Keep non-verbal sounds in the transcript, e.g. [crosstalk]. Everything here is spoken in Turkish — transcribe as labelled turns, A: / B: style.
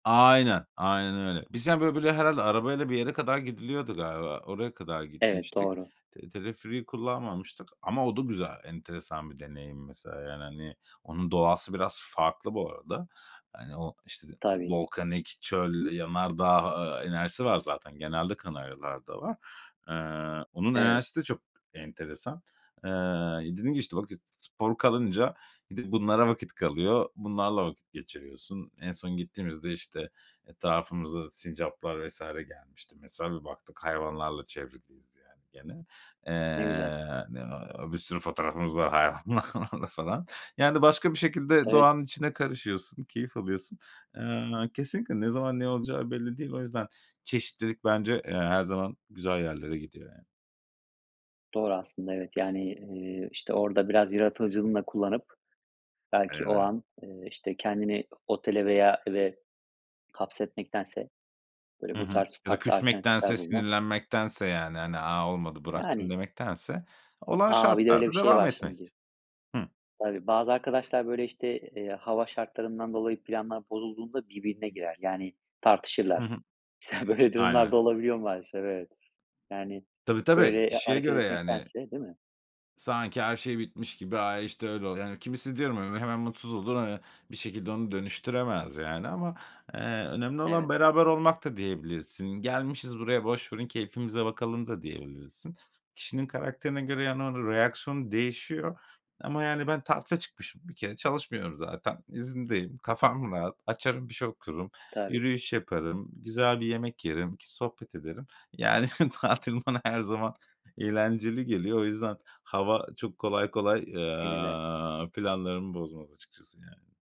A: Aynen. Aynen öyle. Biz, yani, böyle böyle, herhâlde arabayla bir yere kadar gidiliyordu galiba. Oraya kadar
B: Evet,
A: gitmiştik.
B: doğru.
A: Te teleferiği kullanmamıştık ama o da güzel. Enteresan bir deneyim mesela, yani hani, onun doğası biraz farklı bu arada. Hani, o, işte,
B: Tabii.
A: volkanik, çöl, yanardağ, eee, enerjisi var zaten. Genelde Kanaryalar'da var. Eee, onun
B: Evet.
A: enerjisi de çok enteresan. Eee, ya dedim ki işte, "Bak, spor kalınca d bunlara vakit kalıyor. Bunlarla vakit geçiriyorsun." En son gittiğimizde, işte, etrafımıza sincaplar vs. gelmişti. Mesela bir baktık hayvanlarla çevriliyiz yani gene.
B: Ne güzel.
A: Eee, ne na bir sürü fotoğrafımız var hayvanlarla falan. Yani başka bir şekilde
B: Evet.
A: doğanın içine karışıyorsun, keyif alıyorsun. Eee, kesinlikle ne zaman ne olacağı belli değil. O yüzden çeşitlilik bence, eee, her zaman güzel yerlere gidiyor ya.
B: Doğru aslında, evet. Yani, eee, işte orada biraz yaratıcılığını da kullanıp belki o
A: [unintelligible]
B: an, eee, işte, kendini o otele veya eve hapsetmektense, böyle,
A: Hı
B: bu
A: hı.
B: tarz
A: Ya da
B: farklı alternatifler
A: küsmektense,
B: bulmak.
A: sinirlenmektense, yani, hani, "A, olmadı bıraktım."
B: Yani.
A: demektense, olan
B: A! Bir de öyle bir
A: şartlarda
B: şey
A: devam
B: var
A: etmek.
B: şimdi.
A: Hı.
B: Tabii, bazı arkadaşlar böyle, işte, eee, hava şartlarından dolayı planlar bozulduğunda birbirine girer. Yani
A: Hı
B: tartışırlar.
A: hı.
B: Mesela böyle durumlar
A: Aynen.
B: da olabiliyor maalesef. Evet. Yani
A: Tabii, tabii,
B: böyle, eee,
A: kişiye
B: hareket
A: göre yani.
B: etmektense, değil mi?
A: Sanki her şey bitmiş gibi "Ay, işte, öyle oluyor." Yani kimisi diyorum, hani, böyle, hemen mutsuz olur. Hani, bir şekilde onu dönüştüremez yani ama, eee, önemli olan
B: Evet.
A: beraber olmak da diyebilirsin. "Gelmişiz buraya, boş verin keyfimize bakalım" da diyebilirsin. Kişinin karakterine göre, yani, onun reaksiyonu değişiyor ama yani, ben tatile çıkmışım bir kere, çalışmıyorum zaten, izindeyim. Kafam rahat; açarım bir şey okurum,
B: Tabii.
A: yürüyüş yaparım, güzel bir yemek yerim, iki sohbet ederim. Yani tatil bana her zaman eğlenceli geliyor. O yüzden hava çok kolay kolay,
B: Ne güzel.
A: eee, planlarımı bozmaz açıkçası yani.